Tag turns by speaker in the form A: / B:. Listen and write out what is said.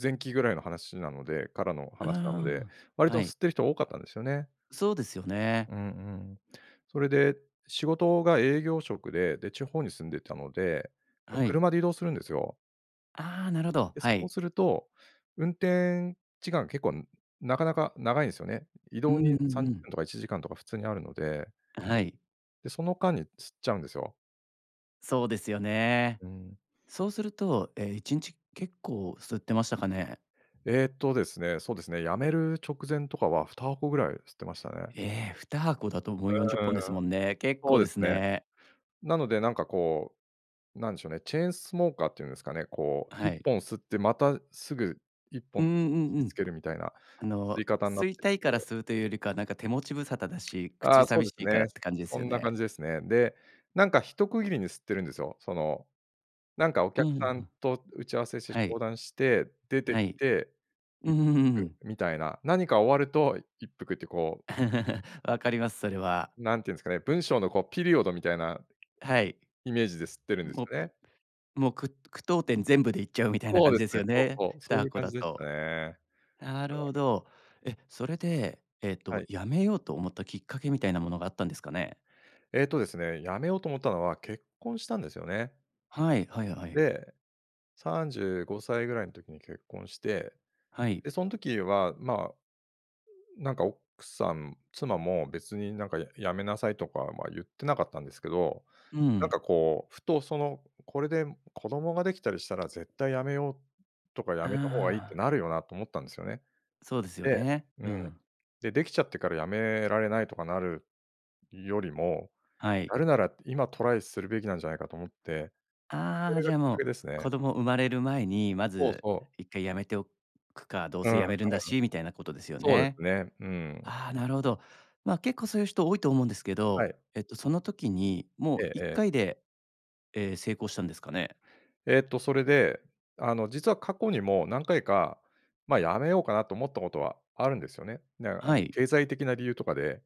A: 前期ぐらいの話なのでからの
B: うー
A: 話なので、
B: ん。
A: 割
B: は
A: と
B: い。
A: 吸ってる人が多かったんですよね。
B: そうですよね。
A: うんうん。それで仕事が営業職で、で、地方に住んでたので、ま、
B: はい。
A: 車で移動するんですよ。
B: あ、なるほど、
A: で、そ
B: は
A: う
B: い。
A: すると、運転時間結構なかなか長いんですよね。移
B: うん
A: 動
B: うん
A: に
B: う
A: さんじゅっ
B: ん。
A: ぷんとか1時間とか普通にあるので。
B: はい。
A: で、その間に吸っちゃうんですよ。
B: そうですよね。
A: うん。
B: そうすると、え、1日結構吸ってましたかね。
A: えっとですね、そうですね、辞める直前とかは2箱ぐらい吸ってましたね。
B: え、2箱だと、もう、40本で
A: う
B: す
A: ーん。
B: もんね。結
A: そう
B: 構で
A: です
B: す
A: ね。
B: ね。
A: なので、なんか、こう、なんでしょうね、チェーンスモーカーっていうんですかね。こう、
B: は
A: いっ
B: い。
A: ぽん吸ってまたすぐいっぽ
B: う
A: ん
B: んうんう
A: 火つ
B: ん。
A: けるみたいな
B: あ
A: 吸い
B: の、
A: 方にな
B: 吸
A: っ
B: い
A: てき
B: たいから
A: て。
B: 吸うというよりか、なんか、手持ち無沙汰だし、口
A: あ、そう
B: 寂
A: で
B: し
A: す
B: いか
A: ね。
B: らって感じで
A: そ
B: すよ
A: んな感
B: ね。
A: じですね。で、なんか、一区切りに吸ってるんですよ。その、なんか、お
B: う
A: 客さん
B: ん。
A: と打ち合わせして
B: は
A: 相
B: い。
A: 談して、出て
B: は
A: き
B: い。
A: て、一服 みたいな。何か終わると一服って、こう
B: 分かります。それは。
A: なんて言うんですかね、文章の、こう、ピリオドみたいな
B: はい。
A: イメージで吸ってるんです
B: も
A: よね。
B: うもう、く句読点全部で行っちゃうみたいな
A: そう
B: 感
A: で
B: じ
A: す
B: です
A: ね、
B: よ
A: そう
B: ね、
A: そう、
B: ふ
A: そ
B: た
A: うい
B: は
A: う
B: こ
A: 感
B: だ
A: じでした
B: と。
A: ね。
B: なるほ
A: うん。
B: ど。え、それで、えっ
A: は
B: と、
A: い。
B: やめようと思ったきっかけみたいなものがあったんですかね？
A: えっとですね、やめようと思ったのは、結婚したんですよね。
B: はい、はいはい。
A: で、35歳ぐらいの時に結婚して、
B: はい。
A: で、その時は、ま、なんか、奥さん妻も別に、なんか「やめなさい」とかは言ってなかったんですけど、
B: う
A: なんか、
B: ん。
A: こう、ふと、その、「これで子供ができたりしたら絶対やめようとかや
B: あ
A: めた方がいいって
B: あ。
A: なるよな」と思ったんですよね。
B: そうですよ
A: で、
B: ね。
A: うん、
B: うん。
A: でできちゃってから辞められないとかなるよりも、
B: はい。
A: やるなら今トライするべきなんじゃないかと思って、そ
B: あ
A: れ
B: あ、
A: が
B: じゃ
A: きっ
B: あ、
A: か
B: も
A: け
B: う、
A: ですね。
B: 子供産まれる前に、ま
A: そう
B: ず
A: そう。
B: 1回やめておくか、どう
A: うん
B: せ
A: うん。
B: やめるんだしみたいなことですよ
A: そうで
B: ね。
A: すね、うん。
B: あ、なるほど。ま、結構そういう人多いと思うんですけ
A: は
B: ど、
A: い。
B: えっと、その時に、もう、
A: え
B: いっ
A: え。
B: かいで、え、成功したんですかね？
A: えっと、それで、あの、実は過去にも何回か、ま、やめようかなと思ったことはあるんですよね。だから
B: はい。
A: 経済的な理由とかで。